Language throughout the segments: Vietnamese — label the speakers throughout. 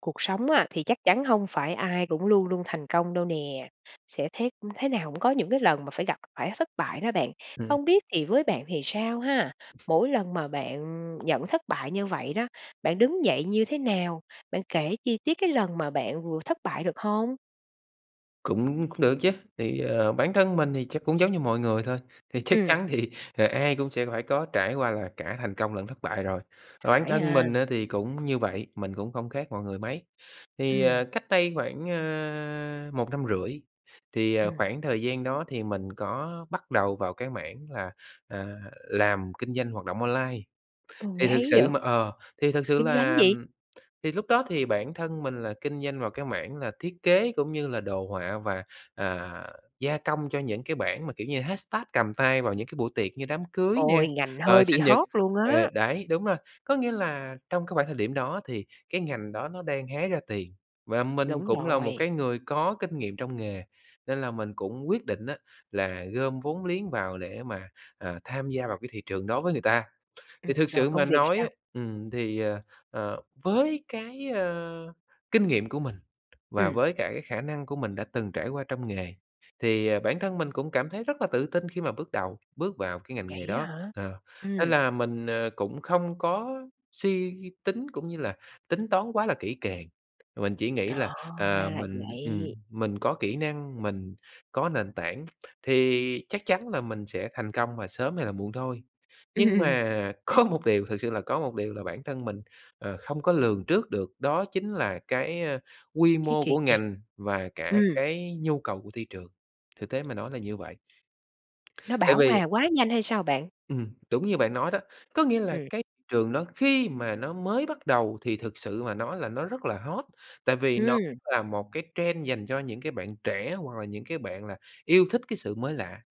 Speaker 1: Cuộc sống á thì chắc chắn hông phải ai cũng luôn luôn thành công đâu nè. Sẽ thế thế nào cũng có những cái lần mà phải gặp phải thất bại đó bạn.
Speaker 2: Ừm.
Speaker 1: Không biết thì với bạn thì sao ha? Mỗi lần mà bạn nhận thất bại như vậy đó, bạn đứng dậy như thế nào? Bạn kể chi tiết cái lần mà bạn vừa thất bại được hông?
Speaker 2: Cũng được chứ, thì, ờ, bản thân mình thì chắc cũng giống như mọi người thôi, thì chắc
Speaker 1: Ừm.
Speaker 2: chắn thì ai cũng sẽ phải có trải qua là cả thành công lẫn thất bại rồi, bản
Speaker 1: Phải
Speaker 2: thân
Speaker 1: ha.
Speaker 2: mình á thì cũng như vậy, mình cũng không khác mọi người mấy. Thì, ờ,
Speaker 1: Ừm.
Speaker 2: cách đây khoảng, ờ, 1,5 năm thì, ờ,
Speaker 1: Ừm.
Speaker 2: khoảng thời gian đó thì mình có bắt đầu vào cái mảng là, à, làm kinh doanh hoạt động online.
Speaker 1: Ừ, nghe
Speaker 2: Thì thực
Speaker 1: hay vậy?
Speaker 2: sự mà ờ, thì thực sự
Speaker 1: Kinh doanh
Speaker 2: là
Speaker 1: gì?
Speaker 2: thì lúc đó thì bản thân mình là kinh doanh vào cái mảng là thiết kế cũng như là đồ họa và, à, gia công cho những cái bảng mà kiểu như hashtag cầm tay vào những cái buổi tiệc như đám cưới nè,
Speaker 1: Ôi, ngành
Speaker 2: rồi
Speaker 1: hơi bị
Speaker 2: sinh nhật
Speaker 1: hot luôn
Speaker 2: ờ,
Speaker 1: á.
Speaker 2: đấy, đúng rồi. Có nghĩa là trong cái khoảng thời điểm đó thì cái ngành đó nó đang hái ra tiền, và mình
Speaker 1: Đúng
Speaker 2: cũng là một
Speaker 1: rồi.
Speaker 2: cái người có kinh nghiệm trong nghề, nên là mình cũng quyết định á, là gom vốn liếng vào để mà, ờ, tham gia vào cái thị trường đó với người ta. Thì
Speaker 1: Ừm,
Speaker 2: thực
Speaker 1: rồi
Speaker 2: sự
Speaker 1: công
Speaker 2: mà
Speaker 1: việc
Speaker 2: nói á
Speaker 1: sao?
Speaker 2: ừm, thì, ờ, với cái, ơ, kinh nghiệm của mình, và
Speaker 1: Ừm.
Speaker 2: với cả cái khả năng của mình đã từng trải qua trong nghề, thì, ờ, bản thân mình cũng cảm thấy rất là tự tin khi mà bước đầu bước vào cái ngành nghề
Speaker 1: Vậy á
Speaker 2: đó,
Speaker 1: hả?
Speaker 2: ờ. Nên
Speaker 1: Ừm.
Speaker 2: là mình, ờ, cũng không có suy tính cũng như là tính toán quá là kỹ càng, mình chỉ nghĩ
Speaker 1: Ồ,
Speaker 2: là,
Speaker 1: ra
Speaker 2: ờ,
Speaker 1: là
Speaker 2: mình, ừm,
Speaker 1: vậy.
Speaker 2: mình có kỹ năng, mình có nền tảng, thì chắc chắn là mình sẽ thành công và sớm hay là muộn thôi. Nhưng mà có một điều thực sự là có một điều là bản thân mình, ờ, không có lường trước được, đó chính là cái, a, quy
Speaker 1: Cái
Speaker 2: mô
Speaker 1: chuyện
Speaker 2: của
Speaker 1: gì?
Speaker 2: ngành và cả
Speaker 1: Ừm.
Speaker 2: cái nhu cầu của thị trường, thực tế mà nói là như vậy.
Speaker 1: Nó
Speaker 2: Tại
Speaker 1: bão
Speaker 2: vì
Speaker 1: hòa quá nhanh hay sao bạn?
Speaker 2: Ừm, đúng như bạn nói đó, có nghĩa là
Speaker 1: Ừm.
Speaker 2: cái thị trường đó khi mà nó mới bắt đầu thì thực sự mà nói là nó rất là hot, tại vì nó
Speaker 1: Ừm.
Speaker 2: là một cái trend dành cho những cái bạn trẻ hoặc là những cái bạn là yêu thích cái sự mới lạ.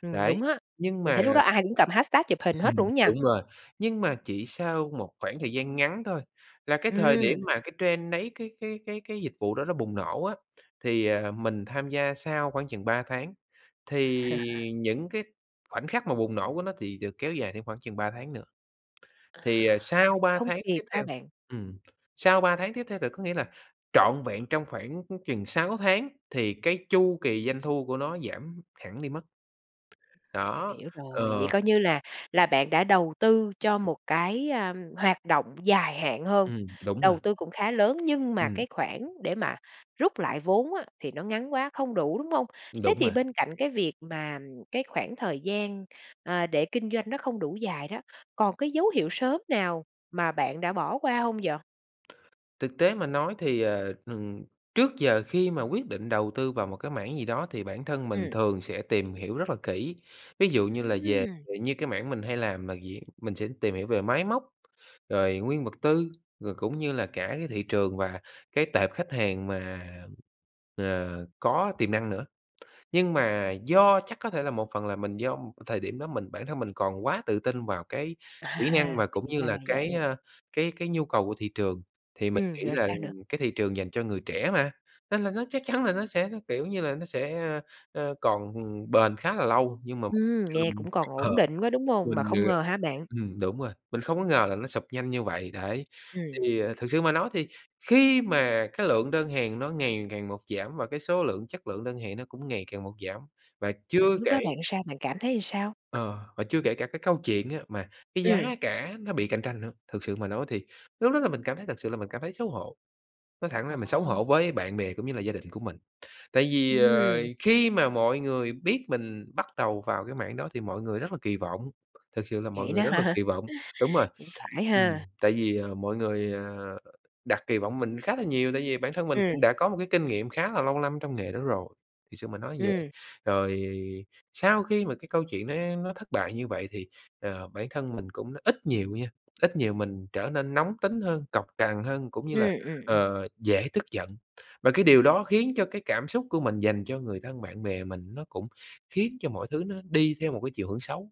Speaker 1: Ừm,
Speaker 2: Đấy,
Speaker 1: đúng á.
Speaker 2: nhưng
Speaker 1: Mình thấy lúc
Speaker 2: mà
Speaker 1: đó ai cũng cầm hashtag chụp hình hết luôn á nha.
Speaker 2: Đúng rồi, nhưng mà chỉ sau một khoảng thời gian ngắn thôi, là cái thời điểm
Speaker 1: Ừm.
Speaker 2: mà cái trend nấy cái cái cái cái dịch vụ đó nó bùng nổ á, thì, à, mình tham gia sau khoảng chừng 3 tháng, thì những cái khoảnh khắc mà bùng nổ của nó thì được kéo dài thêm khoảng chừng 3 tháng nữa. Thì, à, sau 3
Speaker 1: Không
Speaker 2: tháng
Speaker 1: kịp
Speaker 2: tiếp
Speaker 1: hả
Speaker 2: theo
Speaker 1: bạn?
Speaker 2: ừm, sau 3 tháng tiếp theo thì có nghĩa là trọn vẹn trong khoảng chừng 6 tháng thì cái chu kỳ doanh thu của nó giảm hẳn đi mất.
Speaker 1: Mình
Speaker 2: Đó,
Speaker 1: hiểu rồi, vậy
Speaker 2: ờ.
Speaker 1: coi như là là bạn đã đầu tư cho một cái, a, hoạt động dài hạn hơn,
Speaker 2: Ừm, đúng rồi.
Speaker 1: đầu tư cũng khá lớn nhưng mà
Speaker 2: Ừm.
Speaker 1: cái khoản để mà rút lại vốn á thì nó ngắn quá, không đủ, đúng hông? Thế
Speaker 2: Đúng
Speaker 1: thì
Speaker 2: rồi.
Speaker 1: bên cạnh cái việc mà cái khoảng thời gian, ờ, để kinh doanh nó không đủ dài đó, còn cái dấu hiệu sớm nào mà bạn đã bỏ qua hông vậy?
Speaker 2: Thực tế mà nói thì, ờ, ừm, trước giờ khi mà quyết định đầu tư vào một cái mảng gì đó thì bản thân mình
Speaker 1: Ừm.
Speaker 2: thường sẽ tìm hiểu rất là kỹ, ví dụ
Speaker 1: Ưm,
Speaker 2: như là về
Speaker 1: ừm.
Speaker 2: về như cái mảng mình hay làm là gì? Mình sẽ tìm hiểu về máy móc, rồi nguyên vật tư, rồi cũng như là cả cái thị trường và cái tệp khách hàng mà, ờ, có tiềm năng nữa. Nhưng mà do chắc có thể là một phần là mình do thời điểm đó mình bản thân mình còn quá tự tin vào cái kỹ năng
Speaker 1: À,
Speaker 2: và cũng
Speaker 1: thì
Speaker 2: như
Speaker 1: ra là
Speaker 2: là cái,
Speaker 1: vậy!
Speaker 2: a, cái cái nhu cầu của thị trường. Thì mình
Speaker 1: Ừm,
Speaker 2: nghĩ
Speaker 1: rồi
Speaker 2: là
Speaker 1: sao nữa?
Speaker 2: cái thị trường dành cho người trẻ mà, nên là nó chắc chắn là nó sẽ, kiểu như là, nó sẽ, ơ, ơ, còn, ừm, bền khá là lâu, nhưng mà một
Speaker 1: Ừm, nghe cũng
Speaker 2: [unintelligible]
Speaker 1: còn
Speaker 2: ờ,
Speaker 1: ổn định quá, đúng không? Mà
Speaker 2: mình,
Speaker 1: không
Speaker 2: à
Speaker 1: ngờ hả bạn?
Speaker 2: ừm đúng rồi, mình không có ngờ là nó sụp nhanh như vậy. Đấy.
Speaker 1: Ừm.
Speaker 2: Thì, à, thực sự mà nói thì khi mà cái lượng đơn hàng nó ngày càng một giảm và cái số lượng, chất lượng đơn hàng nó cũng ngày càng một giảm và
Speaker 1: Ừm,
Speaker 2: chưa
Speaker 1: lúc
Speaker 2: kể
Speaker 1: đó bạn sao? Bạn cảm thấy sao?
Speaker 2: ờ, và chưa kể cả cái câu chuyện á mà cái giá
Speaker 1: Ừm.
Speaker 2: cả nó bị cạnh tranh nữa, thực sự mà nói thì lúc đó là mình cảm thấy thật sự là mình cảm thấy xấu hổ. Nói thẳng ra
Speaker 1: Ờ.
Speaker 2: mình xấu hổ với bạn bè cũng như là gia đình của mình. Tại vì, ờ,
Speaker 1: Ừm.
Speaker 2: khi mà mọi người biết mình bắt đầu vào cái mảng đó thì mọi người rất là kỳ vọng, thực sự là mọi
Speaker 1: Vậy đó
Speaker 2: người rất là
Speaker 1: ha?
Speaker 2: kỳ vọng. Đúng rồi.
Speaker 1: Cũng phải
Speaker 2: Ừm,
Speaker 1: ha.
Speaker 2: tại vì, ờ, mọi người, ờ, đặt kỳ vọng mình khá là nhiều, tại vì bản thân mình
Speaker 1: Ừm.
Speaker 2: cũng đã có một cái kinh nghiệm khá là lâu năm trong nghề đó rồi, thực sự mà nói vậy.
Speaker 1: Ừm.
Speaker 2: Rồi sau khi mà cái câu chuyện đấy nó thất bại như vậy thì ờ bản thân mình cũng đã ít nhiều nha, ít nhiều mình trở nên nóng tính hơn, cọc cằn hơn, cũng như là,
Speaker 1: Ừm, ừm, ừm.
Speaker 2: ờ, dễ tức giận. Và cái điều đó khiến cho cái cảm xúc của mình dành cho người thân, bạn bè mình nó cũng khiến cho mọi thứ nó đi theo một cái chiều hưởng xấu.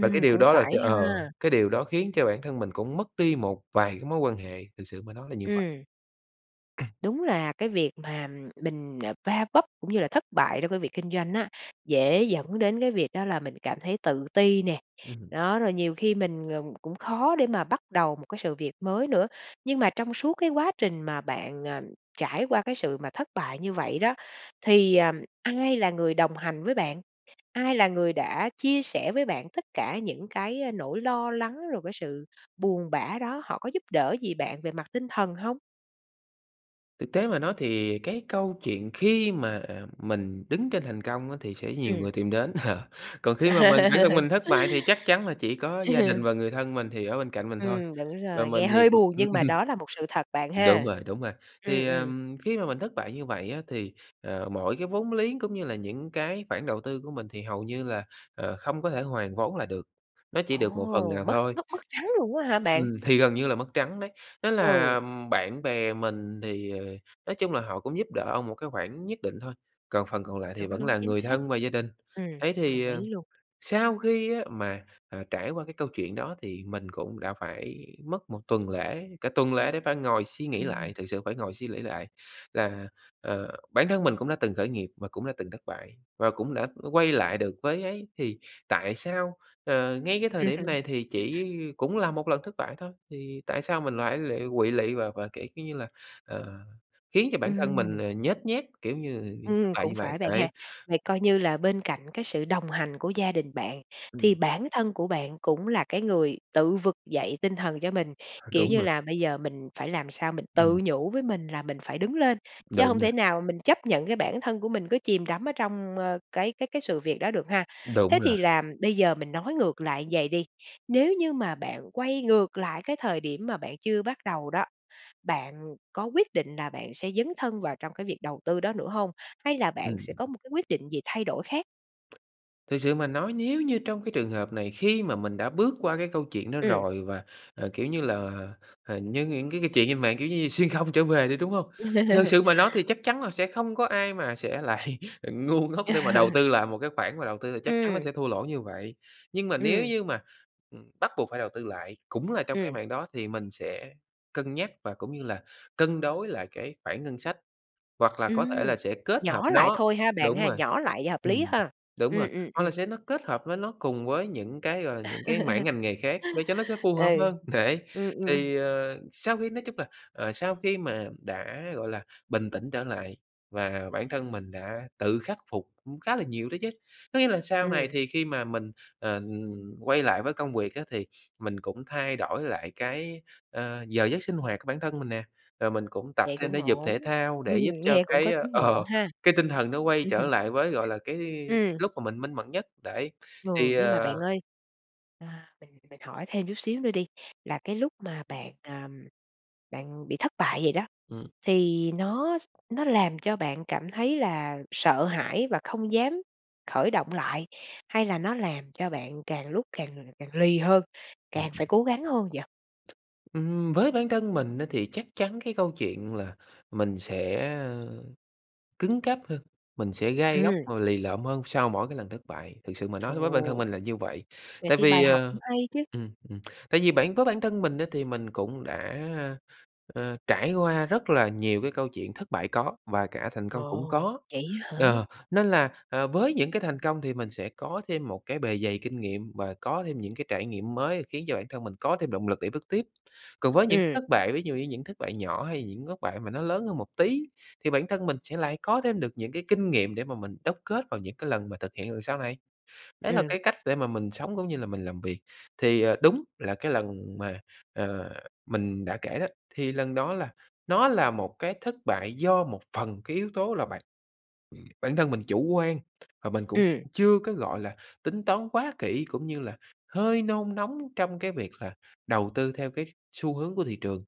Speaker 2: Và cái điều
Speaker 1: cũng
Speaker 2: đó là
Speaker 1: phải
Speaker 2: ch ờ,
Speaker 1: ha.
Speaker 2: cái điều đó khiến cho bản thân mình cũng mất đi một vài cái mối quan hệ, thực sự mà nói là như vậy.
Speaker 1: Ừm. Đúng là cái việc mà, ừm, mình, ờ, va vấp cũng như là thất bại trong cái việc kinh doanh á, dễ dẫn đến cái việc đó là mình cảm thấy tự ti nè,
Speaker 2: Ừm hừm.
Speaker 1: đó, rồi nhiều khi mình, ờ, cũng khó để mà bắt đầu một cái sự việc mới nữa. Nhưng mà trong suốt cái quá trình mà bạn, ờ, trải qua cái sự mà thất bại như vậy đó, thì, à, ai là người đồng hành với bạn? Ai là người đã chia sẻ với bạn tất cả những cái, ơ, nỗi lo lắng, rồi cái sự buồn bã đó, họ có giúp đỡ gì bạn về mặt tinh thần hông?
Speaker 2: Thực tế mà nói thì cái câu chuyện khi mà mình đứng trên thành công á, thì sẽ nhiều
Speaker 1: Ừm.
Speaker 2: người tìm đến. Ờ, còn khi mà mình bản thân mình thất bại thì chắc chắn là chỉ có
Speaker 1: Ừ
Speaker 2: gia đình
Speaker 1: hừm.
Speaker 2: và người thân mình thì ở bên cạnh mình thôi.
Speaker 1: Ừm, đúng
Speaker 2: Và
Speaker 1: rồi,
Speaker 2: mình
Speaker 1: nghe
Speaker 2: thì,
Speaker 1: hơi buồn
Speaker 2: ừm
Speaker 1: nhưng mà đó là một sự thật bạn
Speaker 2: đúng
Speaker 1: ha?
Speaker 2: rồi, đúng rồi.
Speaker 1: Ừm,
Speaker 2: Thì,
Speaker 1: ừm.
Speaker 2: ờm, khi mà mình thất bại như vậy á, thì, ờ, mỗi cái vốn liếng cũng như là những cái khoản đầu tư của mình thì hầu như là, à, không có thể hoàn vốn lại được. Nó chỉ được một phần
Speaker 1: Ồ!
Speaker 2: nào
Speaker 1: Mất
Speaker 2: thôi.
Speaker 1: mất mất trắng luôn á hả bạn?
Speaker 2: Ừm, thì gần như là mất trắng đấy. Thế
Speaker 1: Ừ.
Speaker 2: là bạn bè mình thì, ờ, nói chung là họ cũng giúp đỡ một cái khoản nhất định thôi, còn phần còn lại thì
Speaker 1: Đúng,
Speaker 2: vẫn
Speaker 1: đúng,
Speaker 2: là
Speaker 1: chính
Speaker 2: người
Speaker 1: xác.
Speaker 2: thân và gia đình.
Speaker 1: Ừm,
Speaker 2: Ấy thì,
Speaker 1: đồng
Speaker 2: ờ,
Speaker 1: ý luôn.
Speaker 2: sau khi á, mà, à, trải qua cái câu chuyện đó thì mình cũng đã phải mất một tuần lễ, cả tuần lễ để phải ngồi suy nghĩ
Speaker 1: Ừm.
Speaker 2: lại, thực sự phải ngồi suy nghĩ lại là, ờ, bản thân mình cũng đã từng khởi nghiệp và cũng đã từng thất bại và cũng đã, ơ, quay lại được với ấy. Thì tại sao, ờ, ngay cái thời điểm này thì chỉ cũng là một lần thất bại thôi, thì tại sao mình lại lụy quỵ lụy và và kiểu kiểu như là, ờ, khiến cho bản thân mình,
Speaker 1: Ừm.
Speaker 2: ờ, nhếch nhác kiểu như, ừ, thất
Speaker 1: Ừm,
Speaker 2: bại
Speaker 1: cũng
Speaker 2: như vậy.
Speaker 1: phải bạn
Speaker 2: Đấy.
Speaker 1: ha. Vậy coi như là bên cạnh cái sự đồng hành của gia đình bạn, thì
Speaker 2: Ừm.
Speaker 1: bản thân của bạn cũng là cái người tự vực dậy tinh thần cho mình.
Speaker 2: H
Speaker 1: Kiểu
Speaker 2: đúng
Speaker 1: như
Speaker 2: rồi.
Speaker 1: là, bây giờ mình phải làm sao mình tự
Speaker 2: Ừm.
Speaker 1: nhủ với mình là mình phải đứng lên, chứ
Speaker 2: Đúng
Speaker 1: hông
Speaker 2: rồi.
Speaker 1: thể nào mình chấp nhận cái bản thân của mình cứ chìm đắm ở trong, ờ, cái cái cái sự việc đó được ha. Thế
Speaker 2: Đúng
Speaker 1: thì
Speaker 2: rồi.
Speaker 1: là bây giờ mình nói ngược lại vầy đi, nếu như mà bạn quay ngược lại cái thời điểm mà bạn chưa bắt đầu đó, bạn có quyết định là bạn sẽ dấn thân vào trong cái việc đầu tư đó nữa hông? Hay là bạn sẽ
Speaker 2: Ừm.
Speaker 1: có một cái quyết định gì thay đổi khác?
Speaker 2: Thiệt sự mà nói nếu như trong cái trường hợp này khi mà mình đã bước qua cái câu chuyện đó
Speaker 1: Ừm.
Speaker 2: rồi và, ờ, kiểu như là, ờ, h như những cái cái chuyện trên mạng, kiểu, như như xuyên không trở về đi, đúng hông? Thì thật sự mà nói thì chắc chắn là sẽ không có ai mà sẽ lại ờ, ngu ngốc để mà đầu tư lại một cái khoản mà đầu tư thì chắc chắn nó
Speaker 1: Ừm.
Speaker 2: sẽ thua lỗ như vậy. Nhưng mà nếu
Speaker 1: Ừm.
Speaker 2: như mà, ừm, bắt buộc phải đầu tư lại cũng là trong cái
Speaker 1: Ừm.
Speaker 2: mảng đó thì mình sẽ cân nhắc và cũng như là cân đối lại cái khoản ngân sách, hoặc là có thể
Speaker 1: Ừm,
Speaker 2: là sẽ kết hợp
Speaker 1: nhỏ lại
Speaker 2: nó
Speaker 1: thôi ha bạn
Speaker 2: đúng
Speaker 1: ha?
Speaker 2: rồi,
Speaker 1: Nhỏ lại hợp lý
Speaker 2: ừm,
Speaker 1: ha?
Speaker 2: đúng
Speaker 1: Ừm,
Speaker 2: rồi,
Speaker 1: ừm,
Speaker 2: hoặc
Speaker 1: ừm.
Speaker 2: là sẽ nó kết hợp với nó cùng với những cái, gọi là, những cái mảng ngành nghề khác để cho nó sẽ phù
Speaker 1: Ừ,
Speaker 2: hợp hơn. Đấy,
Speaker 1: ừm, ừm.
Speaker 2: thì, ờ, sau khi nói chung là, ờ, sau khi mà đã, gọi là, bình tĩnh trở lại và bản thân mình đã tự khắc phục cũng khá là nhiều đó chứ, có nghĩa là sau này
Speaker 1: Ừm.
Speaker 2: thì khi mà mình, ờ, ừm, quay lại với công việc á thì mình cũng thay đổi lại cái, ờ, giờ giấc sinh hoạt của bản thân mình nè, rồi mình cũng tập
Speaker 1: Vậy
Speaker 2: thêm
Speaker 1: cũng
Speaker 2: thể dục thể
Speaker 1: ổn,
Speaker 2: thao để giúp cho
Speaker 1: nghe cũng có
Speaker 2: cái,
Speaker 1: tiến bộ
Speaker 2: ờ,
Speaker 1: ha?
Speaker 2: cái tinh thần nó
Speaker 1: [unintelligible]
Speaker 2: quay
Speaker 1: Ừm
Speaker 2: trở
Speaker 1: hừm.
Speaker 2: lại với, gọi là, cái
Speaker 1: Ừm.
Speaker 2: lúc mà mình minh mẫn nhất, đấy,
Speaker 1: Ừ,
Speaker 2: thì,
Speaker 1: nhưng mà bạn
Speaker 2: ờ
Speaker 1: ơi, à, mình mình hỏi thêm chút xíu nữa đi, là cái lúc mà bạn, à, bạn bị thất bại vậy đó,
Speaker 2: Ừm.
Speaker 1: thì nó x nó làm cho bạn cảm thấy là sợ hãi và không dám khởi động lại, hay là nó làm cho bạn càng lúc càng càng lì hơn,
Speaker 2: Ừ,
Speaker 1: càng
Speaker 2: ừm.
Speaker 1: phải cố gắng hơn vậy?
Speaker 2: Ừm với bản thân mình á thì chắc chắn cái câu chuyện là mình sẽ, ơ, cứng cáp hơn, mình sẽ gai góc
Speaker 1: Ừm.
Speaker 2: và lì lợm hơn sau mỗi cái lần thất bại, thực sự mà nói với bản thân
Speaker 1: Thồ.
Speaker 2: mình là như vậy,
Speaker 1: Vậy
Speaker 2: tại
Speaker 1: thì bài
Speaker 2: vì,
Speaker 1: học
Speaker 2: ờ
Speaker 1: cũng hay chứ.
Speaker 2: ừm, ừm, tại vì bản với bản thân mình á thì mình cũng đã, ơ, ờ, trải qua rất là nhiều cái câu chuyện thất bại có và cả thành công cũng
Speaker 1: Ồ!
Speaker 2: có.
Speaker 1: Vậy hả?
Speaker 2: Ờ, nên là, ờ, với những cái thành công thì mình sẽ có thêm một cái bề dày kinh nghiệm và có thêm những cái trải nghiệm mới khiến cho bản thân mình có thêm động lực để bước tiếp. Còn với những cái
Speaker 1: Ừm.
Speaker 2: thất bại, ví dụ như những thất bại nhỏ, hay những thất bại mà nó lớn hơn một tí, thì bản thân mình sẽ lại có thêm được những cái kinh nghiệm để mà mình đốc kết vào những cái lần mà thực hiện lần sau này. Đấy là
Speaker 1: Ừm.
Speaker 2: cái cách để mà mình sống, cũng như là mình làm việc, thì, ờ, đúng là cái lần mà, ờ, mình đã kể đó, thì lần đó là nó là một cái thất bại do một phần cái yếu tố là bản bản thân mình chủ quan và mình cũng
Speaker 1: Ừm.
Speaker 2: chưa có, gọi là, tính toán quá kỹ, cũng như là hơi nôn nóng trong cái việc là đầu tư theo cái xu hướng của thị trường.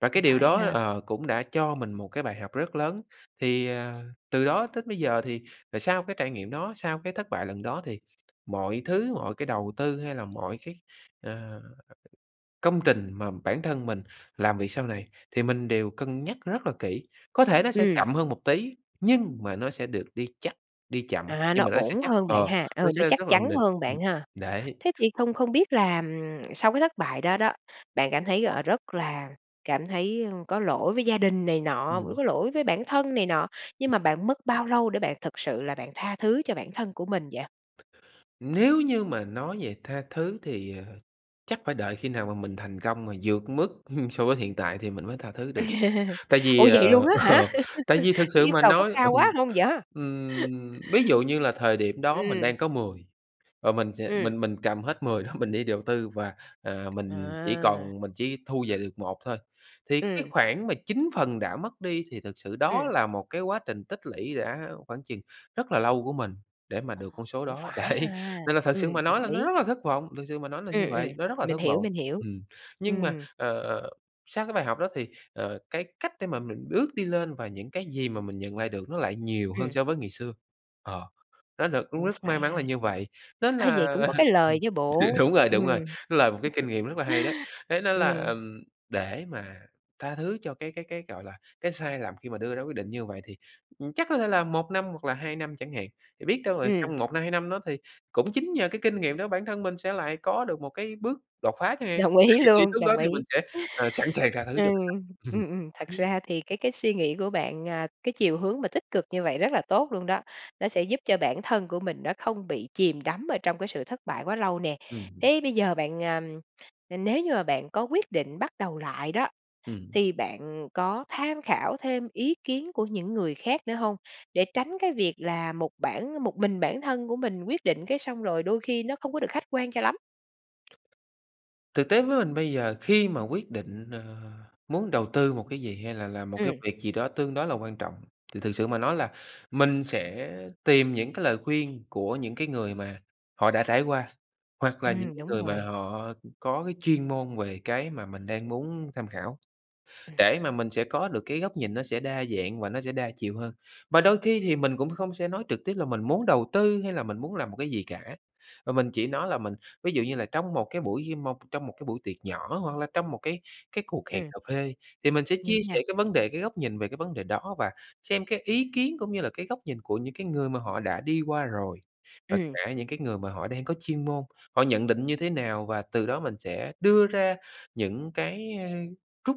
Speaker 2: Và
Speaker 1: Cũng
Speaker 2: cái điều
Speaker 1: phải ha.
Speaker 2: đó, ờ, cũng đã cho mình một cái bài học rất lớn, thì, ờ, từ đó đến bây giờ thì là sau cái trải nghiệm đó, sau cái thất bại lần đó thì mọi thứ, mọi cái đầu tư, hay là mọi cái, ờ, công trình mà bản thân mình làm việc sau này, thì mình đều cân nhắc rất là kỹ, có thể nó sẽ
Speaker 1: Ừm.
Speaker 2: chậm hơn một tí nhưng mà nó sẽ được đi chắc, đi chậm,
Speaker 1: À,
Speaker 2: nhưng
Speaker 1: nó
Speaker 2: mà nó sẽ
Speaker 1: ổn
Speaker 2: chắc,
Speaker 1: hơn bạn
Speaker 2: ờ,
Speaker 1: ha,
Speaker 2: nó
Speaker 1: ừ, nó
Speaker 2: sẽ
Speaker 1: chắc
Speaker 2: rất là ổn
Speaker 1: chắn
Speaker 2: định.
Speaker 1: hơn
Speaker 2: Ừm.
Speaker 1: bạn ha.
Speaker 2: Đấy.
Speaker 1: Thế thì không không biết là, ừm, sau cái thất bại đó đó, bạn cảm thấy, ờ, rất là cảm thấy, ưm, có lỗi với gia đình này nọ,
Speaker 2: Ừm.
Speaker 1: vẫn có lỗi với bản thân này nọ, nhưng mà bạn mất bao lâu để bạn thực sự là bạn tha thứ cho bản thân của mình vậy?
Speaker 2: Nếu như mà nói về tha thứ thì, à, chắc phải đợi khi nào mà mình thành công mà vượt mức so với hiện tại thì mình mới tha thứ được. Tại vì,
Speaker 1: Ủa
Speaker 2: ờ,
Speaker 1: vậy luôn á
Speaker 2: ờ,
Speaker 1: hả?
Speaker 2: tại vì thực sự
Speaker 1: Yêu
Speaker 2: mà
Speaker 1: cầu có
Speaker 2: nói ừm,
Speaker 1: cao quá hông vậy?
Speaker 2: ừm, ví dụ như là thời điểm đó mình
Speaker 1: Ừm.
Speaker 2: đang có 10, và mình sẽ
Speaker 1: Ừm.
Speaker 2: mình mình cầm hết 10 đó mình đi đầu tư và, à, mình chỉ
Speaker 1: À.
Speaker 2: còn mình chỉ thu về được 1 thôi, thì cái
Speaker 1: Ừm.
Speaker 2: khoản mà 9 phần đã mất đi thì thực sự đó
Speaker 1: Ừm.
Speaker 2: là một cái quá trình tích lũy đã khoảng chừng rất là lâu của mình để mà
Speaker 1: Ờ,
Speaker 2: được con số
Speaker 1: cũng
Speaker 2: đó,
Speaker 1: phải
Speaker 2: đấy.
Speaker 1: ha.
Speaker 2: Nên là thực sự
Speaker 1: Ừm,
Speaker 2: mà nói
Speaker 1: đồng
Speaker 2: là nó
Speaker 1: ý.
Speaker 2: rất là thất vọng, thực sự mà nói là như
Speaker 1: Ừm, ừm.
Speaker 2: vậy, nó rất là
Speaker 1: Mình
Speaker 2: thất
Speaker 1: hiểu,
Speaker 2: vọng.
Speaker 1: mình hiểu.
Speaker 2: Ừm, nhưng mà,
Speaker 1: Ừm.
Speaker 2: ờ, sau cái bài học đó thì, ờ, cái cách để mà mình bước đi lên và những cái gì mà mình nhận lại được nó lại nhiều hơn
Speaker 1: Ừm.
Speaker 2: so với ngày xưa. Ờ, nó được cũng
Speaker 1: Ồ,
Speaker 2: rất
Speaker 1: phải
Speaker 2: may
Speaker 1: ha?
Speaker 2: mắn là như vậy, nên
Speaker 1: A,
Speaker 2: là
Speaker 1: vậy cũng có cái lời chứ bộ.
Speaker 2: đúng rồi, đúng rồi,
Speaker 1: Ừm.
Speaker 2: nó là một cái kinh nghiệm rất là hay đấy. Thế nên là,
Speaker 1: Ừm.
Speaker 2: ừm, để mà tha thứ cho cái cái cái, gọi là, cái sai lầm khi mà đưa ra quyết định như vậy thì, ừm, chắc có thể là 1 năm hoặc là 2 năm chẳng hạn. Thì biết đâu, ờ,
Speaker 1: Ừm.
Speaker 2: trong 1 năm, 2 năm đó thì cũng chính nhờ cái kinh nghiệm đó bản thân mình sẽ lại có được một cái bước đột phá chẳng hạn.
Speaker 1: Đồng
Speaker 2: Vậy
Speaker 1: ý
Speaker 2: thì khi
Speaker 1: luôn,
Speaker 2: lúc đó
Speaker 1: đồng
Speaker 2: thì
Speaker 1: ý.
Speaker 2: mình sẽ, ờ, sẵn sàng tha thứ
Speaker 1: Ừm,
Speaker 2: cho bản thân.
Speaker 1: ừm, ừm. Thật ra thì cái cái suy nghĩ của bạn, à, cái chiều hướng mà tích cực như vậy rất là tốt luôn đó. Nó sẽ giúp cho bản thân của mình nó không bị chìm đắm ở trong cái sự thất bại quá lâu nè.
Speaker 2: Ừm.
Speaker 1: Thế bây giờ bạn, ờm, nếu như mà bạn có quyết định bắt đầu lại đó,
Speaker 2: Ừm.
Speaker 1: thì bạn có tham khảo thêm ý kiến của những người khác nữa hông? Để tránh cái việc là một bản một mình bản thân của mình quyết định cái xong rồi đôi khi nó không có được khách quan cho lắm.
Speaker 2: Thực tế với mình bây giờ, khi mà quyết định, ờ, muốn đầu tư một cái gì hay là làm một cái
Speaker 1: Ừm.
Speaker 2: việc gì đó tương đối là quan trọng, thì thực sự mà nói là mình sẽ tìm những cái lời khuyên của những cái người mà họ đã trải qua, hoặc là những
Speaker 1: Ừm,
Speaker 2: cái
Speaker 1: đúng
Speaker 2: người mà
Speaker 1: rồi.
Speaker 2: họ có cái chuyên môn về cái mà mình đang muốn tham khảo,
Speaker 1: Ừm.
Speaker 2: để mà mình sẽ có được cái góc nhìn nó sẽ đa dạng và nó sẽ đa chiều hơn. Và đôi khi thì mình cũng không sẽ nói trực tiếp là mình muốn đầu tư hay là mình muốn làm một cái gì cả, mà mình chỉ nói là mình ví dụ như là trong một cái buổi như một trong một cái buổi tiệc nhỏ hoặc là trong một cái cái cuộc hẹn
Speaker 1: Ừm.
Speaker 2: cà phê, thì mình sẽ
Speaker 1: Như
Speaker 2: chia sẻ
Speaker 1: nào?
Speaker 2: cái vấn đề, cái góc nhìn về cái vấn đề đó và xem cái ý kiến cũng như là cái góc nhìn của những cái người mà họ đã đi qua rồi, và
Speaker 1: Ừm.
Speaker 2: cả những cái người mà họ đang có chuyên môn, họ nhận định như thế nào. Và từ đó mình sẽ đưa ra những cái, a, rút,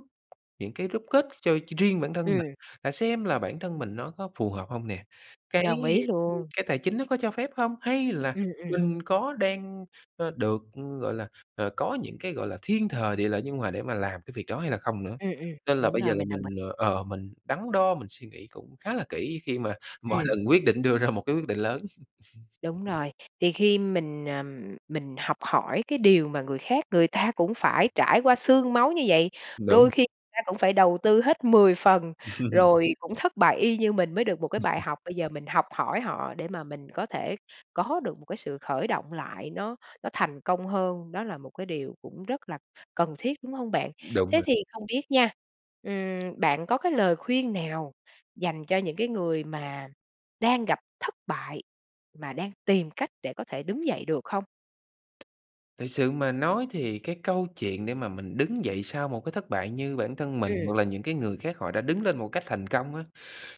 Speaker 2: những cái đúc kết cho cho riêng bản thân mình.
Speaker 1: Ừm.
Speaker 2: À, xem là bản thân mình nó có phù hợp hông nè, cái
Speaker 1: Đồng ý luôn.
Speaker 2: cái tài chính nó có cho phép hông? Hay là
Speaker 1: Ừm, ừm.
Speaker 2: mình có đang, ờ, được gọi là, ờ, có những cái, gọi là, thiên thời, địa lợi, nhân hòa để mà làm cái việc đó hay là không nữa?
Speaker 1: Ừm, ừm,
Speaker 2: Nên là
Speaker 1: đúng
Speaker 2: bây giờ
Speaker 1: rồi,
Speaker 2: thì
Speaker 1: mình đồng ý.
Speaker 2: mình, ờ, ờ, mình đắn đo, mình suy nghĩ cũng khá là kỹ khi mà mỗi
Speaker 1: Ừm.
Speaker 2: lần quyết định đưa ra một cái quyết định lớn.
Speaker 1: Đúng rồi. Thì khi mình, ờ, mình học hỏi cái điều mà người khác, người ta cũng phải trải qua xương máu như vậy. Đôi
Speaker 2: Đúng.
Speaker 1: khi ta cũng phải đầu tư hết 10 phần, rồi cũng thất bại y như mình mới được một cái bài học. Bây giờ mình học hỏi họ để mà mình có thể có được một cái sự khởi động lại, nó nó thành công hơn. Đó là một cái điều cũng rất là cần thiết, đúng hông bạn?
Speaker 2: Đúng
Speaker 1: Thế
Speaker 2: rồi.
Speaker 1: thì không biết nha, ừm, bạn có cái lời khuyên nào dành cho những cái người mà đang gặp thất bại, mà đang tìm cách để có thể đứng dậy được không?
Speaker 2: Thực sự mà nói thì cái câu chuyện để mà mình đứng dậy sau một cái thất bại, như bản thân mình,
Speaker 1: Ừm.
Speaker 2: hoặc là những cái người khác họ đã đứng lên một cách thành công á,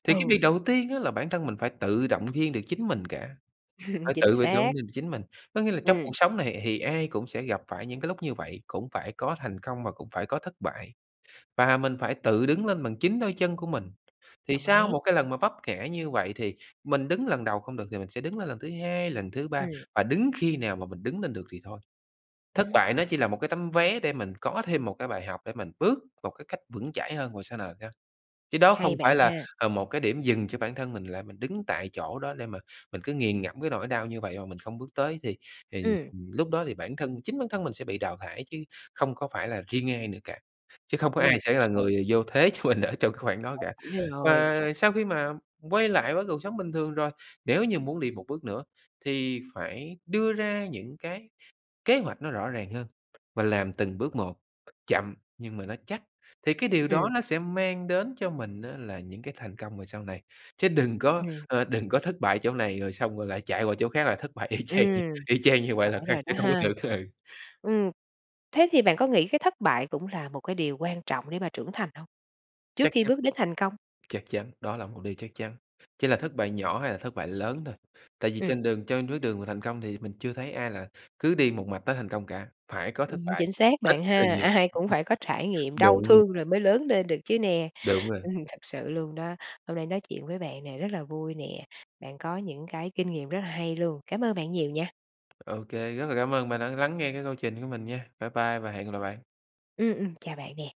Speaker 2: thì cái
Speaker 1: Ừ.
Speaker 2: việc đầu tiên á là bản thân mình phải tự động viên được chính mình cả, phải
Speaker 1: Chính
Speaker 2: tự việc động
Speaker 1: xác.
Speaker 2: viên được chính mình. Có nghĩa là trong
Speaker 1: Ừm.
Speaker 2: cuộc sống này thì ai cũng sẽ gặp phải những cái lúc như vậy, cũng phải có thành công và cũng phải có thất bại, và mình phải tự đứng lên bằng chính đôi chân của mình. Thì
Speaker 1: Đồng
Speaker 2: sau
Speaker 1: ý.
Speaker 2: một cái lần mà vấp ngã như vậy, thì mình đứng lần đầu không được thì mình sẽ đứng lên lần thứ 2, lần thứ 3
Speaker 1: Ừm.
Speaker 2: và đứng khi nào mà mình đứng lên được thì thôi. Thất
Speaker 1: Ừm.
Speaker 2: bại nó chỉ là một cái tấm vé để mình có thêm một cái bài học để mình bước một cái cách vững chãi hơn về sau này nha. Chứ đó không
Speaker 1: Hay bạn
Speaker 2: phải là,
Speaker 1: ha.
Speaker 2: ờ, một cái điểm dừng cho bản thân, mình lại mình đứng tại chỗ đó để mà mình cứ nghiền ngẫm cái nỗi đau như vậy mà mình không bước tới, thì thì,
Speaker 1: Ừm.
Speaker 2: ừm, lúc đó thì bản thân, chính bản thân mình sẽ bị đào thải chứ không có phải là riêng ai nữa cả, chứ không có ai
Speaker 1: Ừm, thật
Speaker 2: là
Speaker 1: sự.
Speaker 2: người vô thế cho mình ở trong cái khoảng đó cả.
Speaker 1: [unintelligible] cũng như rồi.
Speaker 2: Và sau khi mà quay lại với cuộc sống bình thường rồi, nếu như muốn đi một bước nữa thì phải đưa ra những cái kế hoạch nó rõ ràng hơn, và làm từng bước một, chậm nhưng mà nó chắc. Thì cái điều
Speaker 1: Ừm.
Speaker 2: đó nó sẽ mang đến cho mình á là những cái thành công rồi sau này, chứ đừng có,
Speaker 1: Ừm.
Speaker 2: ờ, đừng có thất bại chỗ này rồi xong rồi lại chạy qua chỗ khác là thất bại y chang như
Speaker 1: Ừm.
Speaker 2: y chang như vậy là
Speaker 1: Phải
Speaker 2: kh
Speaker 1: rồi đó
Speaker 2: sẽ không có
Speaker 1: ha.
Speaker 2: được, ừ.
Speaker 1: Ừm. Thế thì bạn có nghĩ cái thất bại cũng là một cái điều quan trọng để mà trưởng thành hông? Trước
Speaker 2: Chắc
Speaker 1: khi
Speaker 2: chắn.
Speaker 1: bước đến thành công?
Speaker 2: Chắc chắn, đó là một điều chắc chắn, chỉ là thất bại nhỏ hay là thất bại lớn thôi. Tại vì
Speaker 1: Ừm.
Speaker 2: trên đường trên bước đường mà thành công thì mình chưa thấy ai là cứ đi một mạch tới thành công cả, phải có thất
Speaker 1: Ừm,
Speaker 2: bại,
Speaker 1: chính xác
Speaker 2: ít
Speaker 1: bạn
Speaker 2: hay là
Speaker 1: ha.
Speaker 2: nhiều.
Speaker 1: Ai cũng
Speaker 2: Ừm,
Speaker 1: phải có trải nghiệm đau
Speaker 2: đúng luôn.
Speaker 1: thương rồi mới lớn lên được chứ nè.
Speaker 2: Đúng rồi.
Speaker 1: Ừm, thật sự luôn đó, hôm nay nói chuyện với bạn nè, rất là vui nè, bạn có những cái kinh nghiệm rất là hay luôn. Cám ơn bạn nhiều nha.
Speaker 2: Ô kê, rất là cảm ơn bạn đã lắng nghe cái câu trình của mình nha. Bye bye và hẹn gặp lại bạn.
Speaker 1: Ừm, ừm, chào bạn nè.